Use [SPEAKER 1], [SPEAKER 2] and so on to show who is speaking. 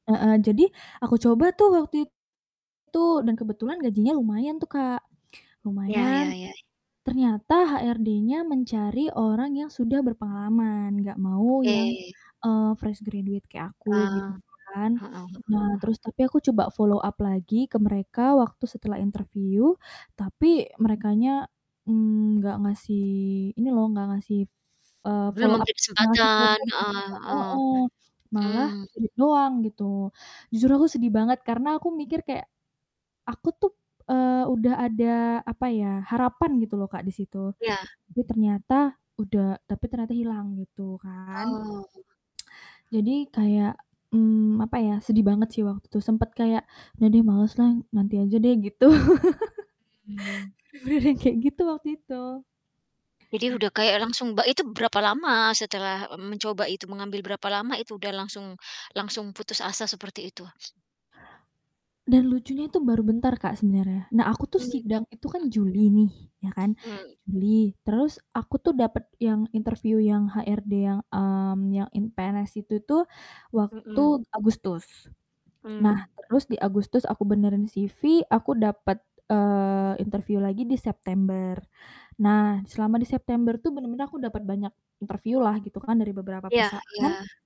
[SPEAKER 1] Heeh, jadi aku coba tuh waktu itu dan kebetulan gajinya lumayan tuh, Kak.
[SPEAKER 2] Iya, ya
[SPEAKER 1] Lumayan,
[SPEAKER 2] ya.
[SPEAKER 1] ternyata HRD-nya mencari orang yang sudah berpengalaman nggak mau yang,
[SPEAKER 2] Oke.
[SPEAKER 1] eee, fresh graduate kayak aku gitu
[SPEAKER 2] Eee.
[SPEAKER 1] kan.
[SPEAKER 2] Hmm,
[SPEAKER 1] Nah,
[SPEAKER 2] heeh.
[SPEAKER 1] terus tapi aku coba follow up lagi ke mereka waktu setelah interview, tapi merekanya nggak ngasih ini loh nggak ngasih, eee,
[SPEAKER 2] Belum
[SPEAKER 1] follow up,
[SPEAKER 2] memberi
[SPEAKER 1] nggak ngasih
[SPEAKER 2] kesempatan,
[SPEAKER 1] kontak
[SPEAKER 2] heeh
[SPEAKER 1] juga,
[SPEAKER 2] heeh.
[SPEAKER 1] heeh. Malah
[SPEAKER 2] Mmm.
[SPEAKER 1] di-read doang gitu. Jujur aku sedih banget karena aku mikir kayak aku tuh, eee, udah ada apa ya, harapan gitu loh, Kak, di situ.
[SPEAKER 2] Iya.
[SPEAKER 1] Tapi ternyata udah tapi ternyata hilang gitu kan.
[SPEAKER 2] Oh.
[SPEAKER 1] Jadi kayak, mmm, apa ya, sedih banget sih waktu sempet kayak udah deh males lah nanti aja deh gitu.
[SPEAKER 2] Hmm.
[SPEAKER 1] Beneran kayak gitu waktu itu.
[SPEAKER 2] Jadi, udah kayak langsung ba itu berapa lama setelah mencoba itu, mengambil berapa lama itu udah langsung langsung putus asa seperti itu?
[SPEAKER 1] Dan lucunya itu baru bentar, Kak, sebenernya. Nah aku tuh
[SPEAKER 2] Hmm, m
[SPEAKER 1] sidang itu kan Juli nih. Ya kan?
[SPEAKER 2] Mmm.
[SPEAKER 1] Juli, terus aku tuh dapet yang interview yang HRD yang, mmm, yang in PNS itu tuh,
[SPEAKER 2] Hmm.
[SPEAKER 1] waktu Agustus. Nah
[SPEAKER 2] Mmm.
[SPEAKER 1] terus di Agustus aku benerin CV, aku dapet, eee, interview lagi di September. Nah selama di September tuh bener-bener aku dapet banyak interview lah gitu kan dari beberapa
[SPEAKER 2] Iya iya.
[SPEAKER 1] perusahaan